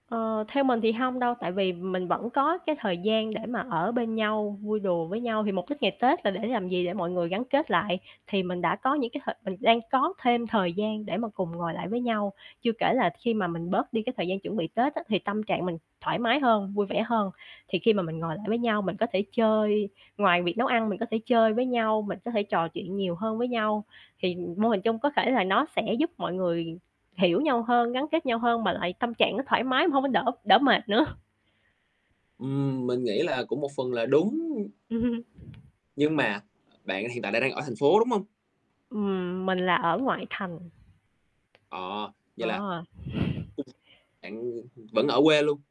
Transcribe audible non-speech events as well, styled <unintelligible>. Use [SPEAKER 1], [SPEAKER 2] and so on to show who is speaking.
[SPEAKER 1] Ờ, theo mình thì hông đâu, tại vì mình vẫn có cái thời gian để mà ở bên nhau, vui đùa với nhau, thì mục đích ngày Tết là để làm gì, để mọi người gắn kết lại, thì mình đã có những cái thời mình đang có thêm thời gian để mà cùng ngồi lại với nhau. Chưa kể là khi mà mình bớt đi cái thời gian chuẩn bị Tết á, thì tâm trạng mình thoải mái hơn, vui vẻ hơn, thì khi mà mình ngồi lại với nhau mình có thể chơi ngoài việc nấu ăn mình có thể chơi với nhau, mình có thể trò chuyện nhiều hơn với nhau, thì mô hình chung có thể là nó sẽ giúp mọi người hiểu nhau hơn, gắn kết nhau hơn, mà lại tâm trạng nó thoải mái mà hông có đỡ đỡ mệt nữa.
[SPEAKER 2] Ừm, mình nghĩ là cũng một phần là đúng.
[SPEAKER 1] Ừm hừm,
[SPEAKER 2] Nhưng mà bạn hiện tại đang đang ở thành phố, đúng hông?
[SPEAKER 1] Ừm, mình là ở ngoại thành.
[SPEAKER 2] Ờ, vậy là
[SPEAKER 1] Ờ. <laughs>
[SPEAKER 2] <unintelligible> bạn, ờ, vẫn ở quê luôn.